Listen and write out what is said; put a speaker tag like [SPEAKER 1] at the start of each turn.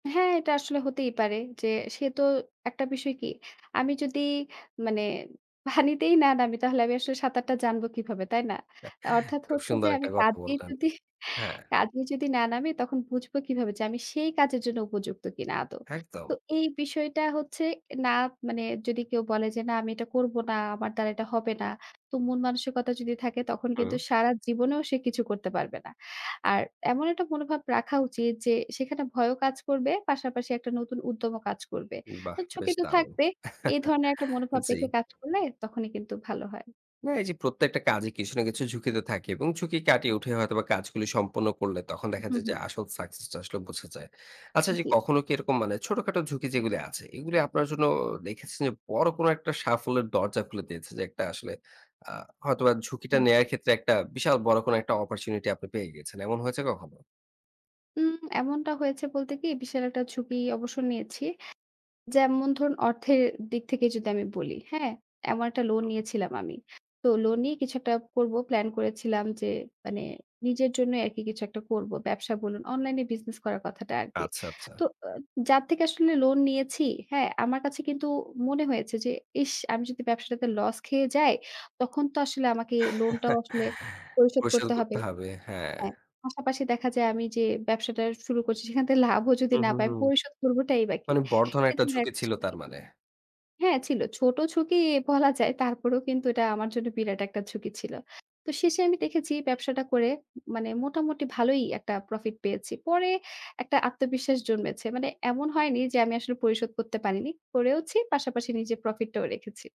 [SPEAKER 1] হ্যাঁ, এটা আসলে হতেই পারে যে, সে তো একটা বিষয় কি? আমি যদি মানে পানিতেই না নামি তাহলে আমি আসলে সাঁতারটা জানব কিভাবে, তাই না? আ অর্থাৎ
[SPEAKER 2] খুব
[SPEAKER 1] হচ্ছে যে,
[SPEAKER 2] সুন্দর
[SPEAKER 1] আমি
[SPEAKER 2] একটা কথা
[SPEAKER 1] কাজেই
[SPEAKER 2] বললেন।
[SPEAKER 1] যদি
[SPEAKER 2] হ্যাঁ।
[SPEAKER 1] কাজেই যদি না নামি, তখন বুঝব কিভাবে যে আমি সেই কাজের জন্য উপযুক্ত কিনা আদৌ?
[SPEAKER 2] একদম।
[SPEAKER 1] তো এই বিষয়টা হচ্ছে না মানে যদি কেউ বলে যে, "না, আমি এটা করবো না, আমার দ্বারা এটা হবে না।" তো মন মানসিকতা যদি থাকে তখন কিন্তু
[SPEAKER 2] হুম।
[SPEAKER 1] সারা জীবনেও সে কিছু করতে পারবে না। আর এমন একটা মনোভাব রাখা উচিত যে, সেখানে ভয়ও কাজ করবে, পাশাপাশি একটা নতুন উদ্যমও কাজ করবে।
[SPEAKER 2] বাহ!
[SPEAKER 1] তো ঝুকি
[SPEAKER 2] বেশ
[SPEAKER 1] তো
[SPEAKER 2] দারুণ!
[SPEAKER 1] থাকবে। এই ধরনের একটা মনোভাব
[SPEAKER 2] জ্বি।
[SPEAKER 1] রেখে কাজ করলে তখনই কিন্তু ভালো হয়।
[SPEAKER 2] না, এই যে প্রত্যেকটা কাজে কিছু না কিছু ঝুঁকি তো থাকে। এবং ঝুঁকি কাটিয়ে উঠে হয়তোবা কাজগুলি সম্পন্ন করলে তখন দেখা
[SPEAKER 1] হু,
[SPEAKER 2] যায়
[SPEAKER 1] হু।
[SPEAKER 2] যে, আসল সাকসেস টা আসলে বোঝা যায়। আচ্ছা যে
[SPEAKER 1] জি।
[SPEAKER 2] কখনো কি এরকম মানে ছোটখাটো ঝুঁকি যেগুলো আছে এগুলো আপনার জন্য দেখেছেন যে, বড় কোন একটা সাফল্যের দরজা খুলে দিয়েছে? যে একটা আসলে আ হয়তোবা ঝুঁকিটা
[SPEAKER 1] হুম।
[SPEAKER 2] নেয়ার ক্ষেত্রে একটা বিশাল বড় কোন একটা অপরচুনিটি আপনি পেয়ে গেছেন, এমন হয়েছে কখনো?
[SPEAKER 1] হুম, এমনটা হয়েছে বলতে কি? বিশাল একটা ঝুঁকি অবশ্য নিয়েছি। যেমন ধরুন অর্থের দিক থেকে যদি আমি বলি, হ্যাঁ? এমন একটা লোন
[SPEAKER 2] হুম।
[SPEAKER 1] নিয়েছিলাম আমি। তো লোন নিয়ে কিছু একটা করব, প্লান করেছিলাম যে, মানে নিজের জন্যই আরকি কিছু একটা করব। ব্যবসা বলুন, অনলাইন বিজনেস করার কথাটা আরকি।
[SPEAKER 2] আচ্ছা, আচ্ছা।
[SPEAKER 1] তো আ যার থেকে আসলে লোন নিয়েছি, হ্যাঁ? আমার কাছে কিন্তু মনে হয়েছে যে ইস! আমি যদি ব্যবসাটাতে লস খেয়ে যাই, তখন তো আসলে আমাকে লোনটাও আসলে পরিশোধ
[SPEAKER 2] পরিশোধ তো
[SPEAKER 1] করতে হবে।
[SPEAKER 2] করতে হবে। হ্যাঁ।
[SPEAKER 1] হ্যাঁ, পাশাপাশি দেখা যায় আমি যে ব্যবসাটা শুরু করছি, সেখান থেকে লাভও যদি
[SPEAKER 2] হুম,
[SPEAKER 1] না
[SPEAKER 2] হুম,
[SPEAKER 1] পাই, আমি
[SPEAKER 2] হুম।
[SPEAKER 1] পরিশোধ করবটাই বা কি?
[SPEAKER 2] মানে বড় ধরনের
[SPEAKER 1] এ
[SPEAKER 2] একটা
[SPEAKER 1] ধরনের
[SPEAKER 2] ঝুঁকি
[SPEAKER 1] একটা
[SPEAKER 2] ছিল
[SPEAKER 1] ঝুকি।
[SPEAKER 2] তার মানে।
[SPEAKER 1] হ্যাঁ, ছিল। ছোট ঝুঁকি বলা যায়। তারপরেও কিন্তু এটা আমার জন্য বিরাট একটা ঝুঁকি ছিল। তো শেষে আমি দেখেছি ব্যবসাটা করে মানে মোটামুটি ভালোই একটা প্রফিট পেয়েছি। পরে একটা আত্মবিশ্বাস জন্মেছে। মানে এমন হয়নি যে, আমি আসলে পরিশোধ করতে পারিনি। করেওছি, পাশাপাশি নিজের প্রফিট টাও রেখেছি।